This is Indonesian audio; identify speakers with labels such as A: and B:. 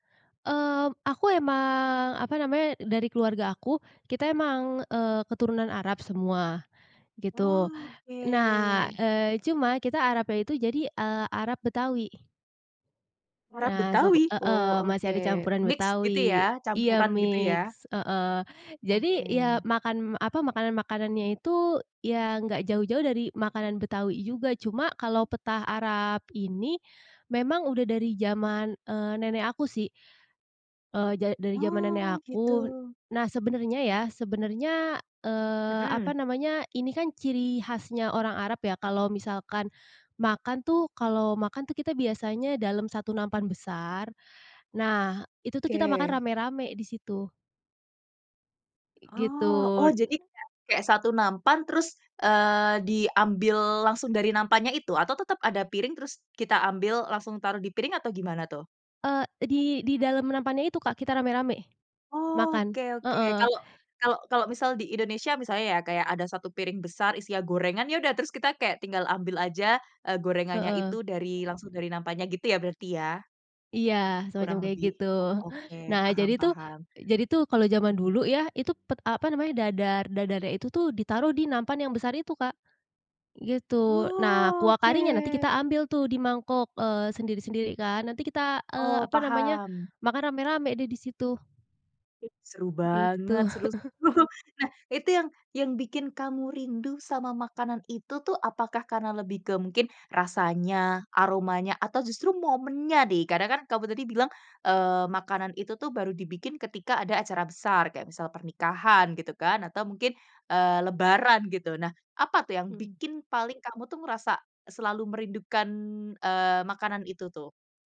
A: Eee, aku emang apa namanya, dari keluarga aku, kita emang, eee, keturunan Arab semua, gitu.
B: Oke.
A: Nah, eee, cuma kita Arabnya itu jadi, eee, Arab Betawi.
B: Orang
A: Nah, suku
B: Betawi?
A: heeh,
B: Oh, oke
A: masih ada campuran
B: mix gitu
A: Betawi.
B: ya?
A: Iya
B: Campuran gitu ya?
A: mix, heeh, jadi ya
B: Oke.
A: makan apa, makanan-makanannya itu ya nggak jauh-jauh dari makanan Betawi juga, cuma kalau petah Arab ini memang udah dari zaman, eee, nenek aku sih. Eee, ja dari jaman nenek
B: Oh gitu.
A: aku. Nah sebenarnya ya, sebenarnya, eee,
B: Hmm.
A: apa namanya ini kan ciri khasnya orang Arab ya, kalau misalkan makan tuh kalau makan tuh kita biasanya dalam satu nampan besar. Nah itu tuh kita makan
B: Oke.
A: rame-rame di situ. Gitu.
B: Oh. Oh, jadi kayak kayak satu nampan terus, eee, diambil langsung dari nampannya itu atau tetep ada piring terus kita ambil langsung taruh di piring atau gimana tuh?
A: Eee, di di dalam nampannya itu Kak, kita rame-rame makan.
B: Oke oke,
A: Heeh.
B: kalau kalau kalau misal di Indonesia misalnya ya, kayak ada satu piring besar isinya gorengan, ya udah terus kita kayak tinggal ambil aja, eee, gorengannya itu
A: Heeh.
B: dari langsung dari nampannya gitu ya berarti ya?
A: Iya semacam
B: Kurang
A: kayak
B: lebih.
A: gitu.
B: Oh oke,
A: Nah
B: paham
A: jadi tuh
B: paham.
A: jadi tuh kalau zaman dulu ya, itu pet apa namanya, dadar dadarnya itu tuh ditaruh di nampan yang besar itu Kak, gitu. Nah kuah karinya nanti kita
B: Oke.
A: ambil tuh di mangkok, eee, sendiri-sendiri kan, nanti kita, eee,
B: Oh
A: apa namanya,
B: paham.
A: makan rame-rame deh di situ.
B: Ih seru
A: Gitu.
B: banget, seru seru. Nah itu yang yang bikin kamu rindu sama makanan itu tuh, apakah karena lebih ke mungkin rasanya, aromanya, atau justru momennya nih? Kadang kan kamu tadi bilang, eee, makanan itu tuh baru dibikin ketika ada acara besar kayak misal pernikahan gitu kan, atau mungkin, eee, lebaran gitu. Nah apa tuh yang
A: Mhm.
B: bikin paling kamu tuh merasa selalu merindukan, eee, makanan itu tuh?